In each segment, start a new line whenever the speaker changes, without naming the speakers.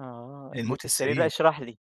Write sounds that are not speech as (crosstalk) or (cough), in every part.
آه،
الموت
الموت السريري، لأ
السريري.
اشرح لي.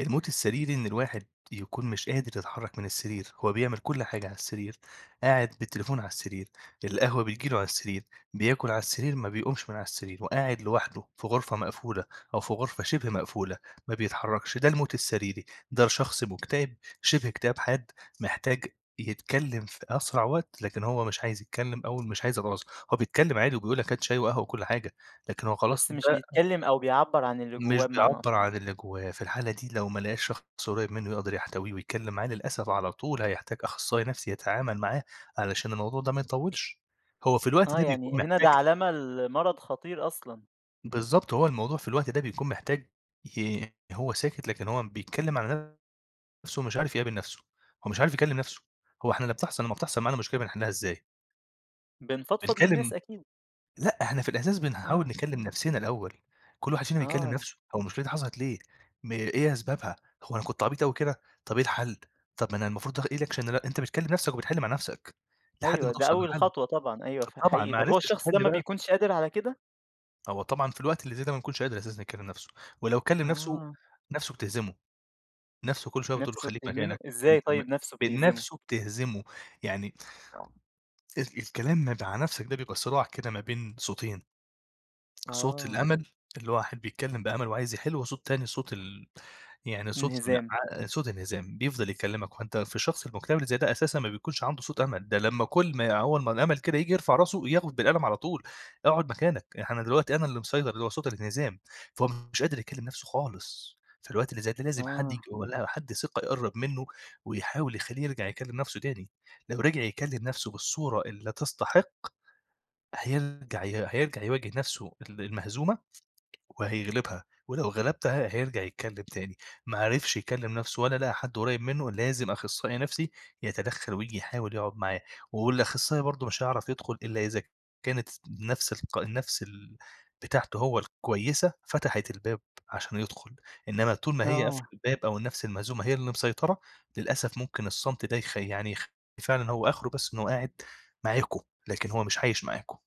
الموت السريري إن الواحد يكون مش قادر يتحرك من السرير، هو بيعمل كلّ حاجة على السرير، قاعد بالتليفون على السرير، القهوة بتيجي له على السرير، بياكل على السرير، ما بيقومش من على السرير، وقاعد لوحده في غرفة مقفولة أو في غرفة شِبه مقفولة ما بيتحركش، ده الموت السريري، ده شخص مكتئب شِبه اكتئاب حاد محتاج يتكلم في أسرع وقت، لكن هو مش عايز يتكلم أو مش عايز (unintelligible) هو بيتكلم عادي وبيقول لك هات شاي وقهوة وكلّ حاجة، لكن هو خلاص
بس مش
ده
بيتكلم أو بيعبّر عن اللي جواه
مش
بمعني
بيعبر
أصح.
عن اللي جوّاه، في الحالة دي لو ما لقاش شخص قريّب منه يقدر يحتويه ويتكلم معاه، للأسف على طول هيحتاج أخصائي نَفسي يتعامل معاه، علشان الموضوع ده ما يطوّلش، هو في الوقت
آه
ده
يعني
بيكون
هنا
محتاج
ده علامة لمرض خطير أصلًا.
بالضبط، هو الموضوع في الوقت ده بيكون محتاج ي هو ساكت لكن هو بيتكلم عن نَفسه، مش عارف يقابل نَفسه، هو مش عارف يكلم نَفسه، هو إحنا لمّا بتحصل لمّا بتحصل معانا مشكلة بنحلها إزاي؟
بنفضفض للناس
بنكلم
أكيد.
لأ إحنا في الإحساس بنحاول
آه.
نكلم نَفسنا الأول، كُلّ واحد فينا بيكلم
آه.
نَفسه هو المشكلة دي حصلت ليه، م إيه أسبابها، هو أنا كنت عبيط أوي كده، طَب إيه الحل؟ طَب ما أنا المفروض إيه الاكشن اللي أنا أنت بتكلم نَفسك وبتحل مع نَفسك، لحد
أيوه
ما
ده
توصل
أول
لحل،
خطوة طبعًا أيوه ف
طبعًا
حقيقي، طَب هو
معرفتش
الشخص ده
تحل
ما
بقى
بيكونش قادر على كده؟
هو طبعًا في الوقت اللي زي ده ما بيكونش قادر أساسًا يكلم نَفسه، ولو كلم نَفسه،
آه.
نَفسه بتهزمه، نَفسه كُلّ شوية بتقول له
نفسه
خليك
بتهزمه
مكانك،
إزاي
أنت م
طيّب نفسه
ب
بتهزمه؟
نَفسه بتهزمه، يعني ال الكلام م مع نَفسك ده بيبقى صراع كده ما بين صوتين، صوت
آه.
الأمل الواحد بيتكلم بأمل وعايز يحل، وصوت تاني صوت ال يعني صوت
انهزام.
(unintelligible) صوت انهزام، بيفضل يكلمك، وأنت في الشخص المكتئب اللي زي ده أساسًا ما بيكونش عنده صوت أمل، ده لمّا كُلّ ما هو أما الأمل كده ييجي يرفع راسه ياخد بالقلم على طول، اقعد مكانك، يعني أنا دلوقتي أنا اللي مسيطر، اللي هو صوت الانهزام، فهو مش قادر يكلم نَفسه خالص، فالوقت اللي زي ده لازم حد ييجي
آه.
ولا حد ثقة يقرّب منه ويحاول يخلّيه يرجع يكلم نَفسه تاني، لو رجع يكلم نَفسه بالصورة اللي تستحق، هيرجع ي هيرجع يواجه نَفسه ال المهزومة وهيغلبها، ولو غلبتها هيرجع يتكلم تاني، ما عرفش يكلم نَفسه ولا لقي حد قريب منه لازم أخصائي نَفسي يتدخل وييجي يحاول يقعد معاه، والأخصائي برضو مش هيعرف يدخل إلا إذا كانت نَفس الق النَفس ال بتاعته هو الكويسة فتحت الباب عشان يدخل، إنما طول ما هي قافلة
آه.
الباب أو النَفس المهزومة هي اللي مسيطرة، للأسف ممكن الصمت ده يخ يعني يخ فعلًا هو آخره بس إن هو قاعد معاكم لكن هو مش عايش معاكم.